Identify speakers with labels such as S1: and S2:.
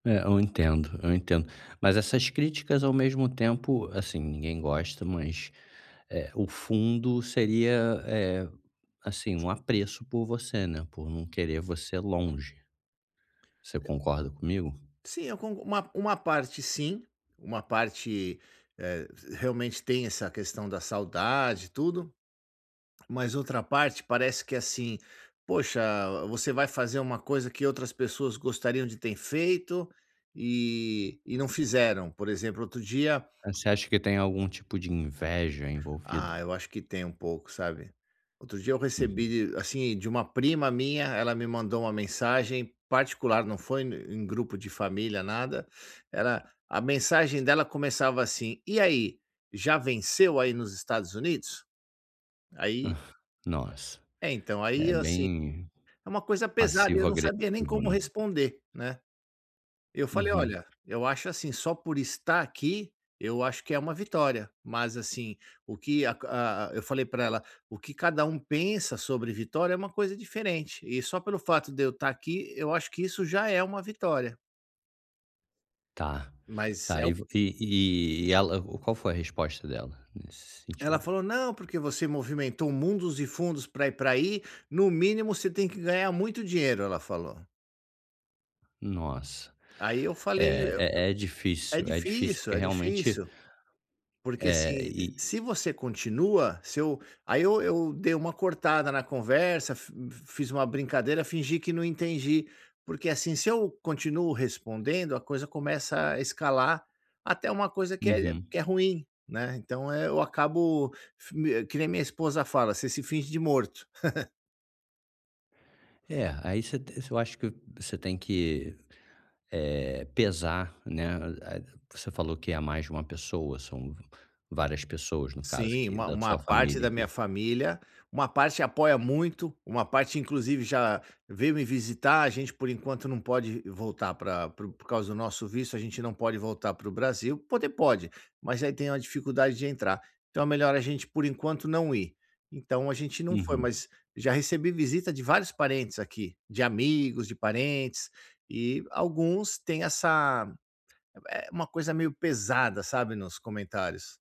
S1: É, eu entendo, eu entendo. Mas essas críticas, ao mesmo tempo, assim, ninguém gosta, mas, eh, o fundo seria, eh, assim, um apreço por você, né, por não querer você longe. Você concorda comigo?
S2: Sim, eu con uma uma parte sim. Uma parte, eh, realmente tem essa questão da saudade e tudo, mas outra parte, parece que assim, poxa, v você vai fazer um coisa que outras pessoas gostariam de tem feito e e não fizeram, por exemplo, outro dia
S1: Você acha que tem algum tipo de inveja envolvida?
S2: Ah, eu acho que tem um pouco, sabe. Outro dia eu
S1: Uhum.
S2: recebi de assim, de um prima minha, ela me mandou uma mensagem particular, não foi e em grupo de família, nada, era a mensagem dela começava assim: "E aí, já venceu aí nos Estados Unidos?". Aí
S1: Nossa,
S2: é então,
S1: é
S2: aí, assim,
S1: bem
S2: é uma coisa pesada, e eu não sabia nem
S1: passivo-agressivo,
S2: como
S1: né.
S2: responder, né. Eu falei:
S1: Uhum.
S2: "Olha, eu acho assim, só por estar aqui, eu acho que é uma vitória, mas assim, o que a ca a" eu falei para ela: "O que cada um pensa sobre vitória, é uma coisa diferente, e só pelo fato de eu tá aqui, eu acho que isso já é uma vitória".
S1: Tá.
S2: Mas
S1: Tá,
S2: é
S1: e
S2: o
S1: v e e ela, qual foi a resposta dela, nesse
S2: Ela
S1: sentido?
S2: falou: "Não, porque você movimentou mundos e fundos pra ir pra aí, no mínimo você tem que ganhar muito dinheiro", ela falou.
S1: Nossa.
S2: Aí eu falei, eu
S1: É, é é
S2: eu é
S1: difícil é difícil, porque
S2: difícil, é
S1: realmente
S2: difícil. Porque,
S1: É,
S2: assim, e,
S1: e
S2: se você continua, se eu aí eu eu dei uma cortada na conversa, fi fiz uma brincadeira, fingi que não entendi, porque, assim, se eu continuo respondendo, a coisa começa a escalar até um coisa que é
S1: Uhum.
S2: que é ruim, né, então, eh, eu acabo fe que nem minha esposa fala: "Você se finge de morto".
S1: É, aí ce você eu acho que você tem que, eh, pesar, né, a a você falou que é mais de uma pessoa, são várias pessoas, no caso,
S2: Sim,
S1: que,
S2: uma
S1: da
S2: uma
S1: sua
S2: parte
S1: família,
S2: da minha
S1: que
S2: família, uma parte apoia muito, uma parte inclusive já veio me visitar, a gente, por enquanto, não pode voltar pra pro por causa do nosso visto, a gente não pode voltar para o Brasil. Poder pode, mas aí tem uma dificuldade de entrar, então é melhor a gente, por enquanto, não ir. Então a gente não foi,
S1: Uhum.
S2: mas já recebi visita de vários parentes aqui. De amigos, de parentes, e alguns têm essa, eh, uma coisa meio pesada, sabe, nos comentários.